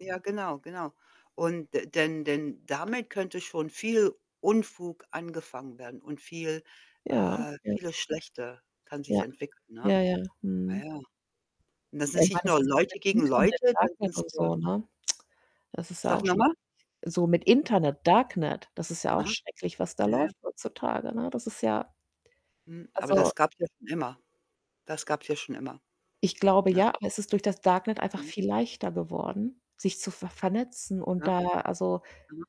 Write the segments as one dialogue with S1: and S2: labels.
S1: Ja, genau, genau. Und d denn denn damit könnte schon viel Unfug angefangen werden und viel,
S2: Ja.
S1: äh
S2: Ja.
S1: vieles Schlechte kann sich
S2: Ja,
S1: entwickeln, ne?
S2: ja, ja,
S1: Ja,
S2: mhm.
S1: ja. Und das
S2: Ja,
S1: ist
S2: ich meine,
S1: nicht
S2: das
S1: nur
S2: ist nicht mehr
S1: Leute gegen
S2: Internet,
S1: Leute, dann
S2: Darknet
S1: sind's,
S2: und
S1: äh
S2: so, ne? Das ist ja
S1: Sag
S2: auch
S1: noch
S2: schrecklich.
S1: mal?
S2: So mit
S1: [unintelligible]
S2: Internet, Darknet, das ist ja auch
S1: Aha.
S2: schrecklich, was da
S1: Ja, ja.
S2: läuft heutzutage, ne? Das ist ja
S1: Mhm, aber
S2: also
S1: das gab's ja schon immer, das gab's ja schon immer,
S2: Ich glaube
S1: ne?
S2: ja, aber es ist durch das Darknet einfach
S1: Mhm.
S2: viel leichter geworden, sich zu ver vernetzen und
S1: Ja.
S2: da, also
S1: [unintelligible]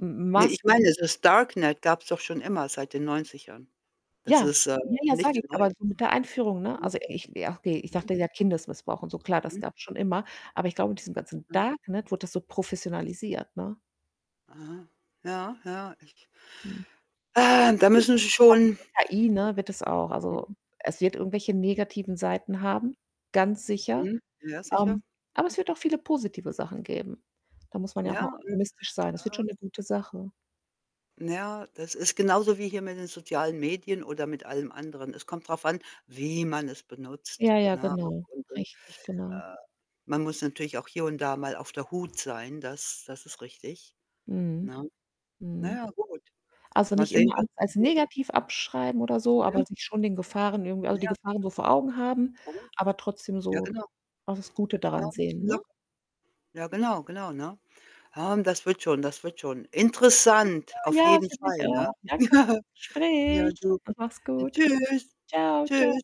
S2: m
S1: Ne, ich meine,
S2: Massen
S1: dieses Darknet gab's doch schon immer seit den 90ern. Das
S2: Ja.
S1: ist, äh,
S2: Ja, ja, sage
S1: nicht
S2: ich, aber
S1: neu.
S2: du, mit der Einführung, ne?
S1: Aha.
S2: Also, ich wär okay, ich
S1: Hm?
S2: dachte ja Kindesmissbrauch und so, klar, das
S1: Mhm.
S2: gab's schon immer, aber ich glaube, mit diesem ganzen
S1: Ja.
S2: Darknet wurde das so professionalisiert, ne?
S1: Aha, ja, ja, ich
S2: Hm, [unintelligible] also,
S1: ähm, da müssen sie
S2: wie gesagt, mit
S1: schon
S2: der KI, ne, wird des auch also,
S1: Hm?
S2: es wird irgendwelche negativen Seiten
S1: Hm.
S2: haben, ganz sicher,
S1: Mhm. Ja, sicher,
S2: ähm, aber
S1: mhm.
S2: es wird auch viele positive Sachen geben. Da muss man ja auch
S1: Ja,
S2: mal
S1: hm,
S2: optimistisch sein, das wird schon
S1: ähm
S2: 'ne gute Sache.
S1: ja, das ist genauso wie hier mit den sozialen Medien oder mit allem anderen. Es kommt drauf an, wie man es benutzt,
S2: Ja, ja,
S1: ne?
S2: genau.
S1: Und und,
S2: Richtig, genau.
S1: äh, man muss natürlich auch hier und da mal auf der Hut sein, das das ist richtig,
S2: Mhm,
S1: ne? Na
S2: mhm.
S1: ja, gut,
S2: Also,
S1: mal
S2: nicht
S1: sehen,
S2: immer
S1: was
S2: alles als
S1: passiert.
S2: negativ abschreiben oder so, aber
S1: Mhm.
S2: sich schon den Gefahren irgendwie also, die
S1: Ja, sicher.
S2: Gefahren so vor Augen haben,
S1: Mhm,
S2: aber trotzdem
S1: ja,
S2: so
S1: genau.
S2: auch das Gute daran sehen, ne?
S1: [unintelligible] Ja, genau, genau, ne? Ähm, das wird schon, das wird schon.
S2: [unintelligible]
S1: Interessant, auf
S2: Ja,
S1: jeden
S2: finde ich
S1: Fall,
S2: auch.
S1: ne?
S2: Danke für das
S1: Ja,
S2: Gespräch
S1: du.
S2: und mach's
S1: Denn
S2: gut.
S1: tschüss,
S2: Tschau, tschau.
S1: tschüss.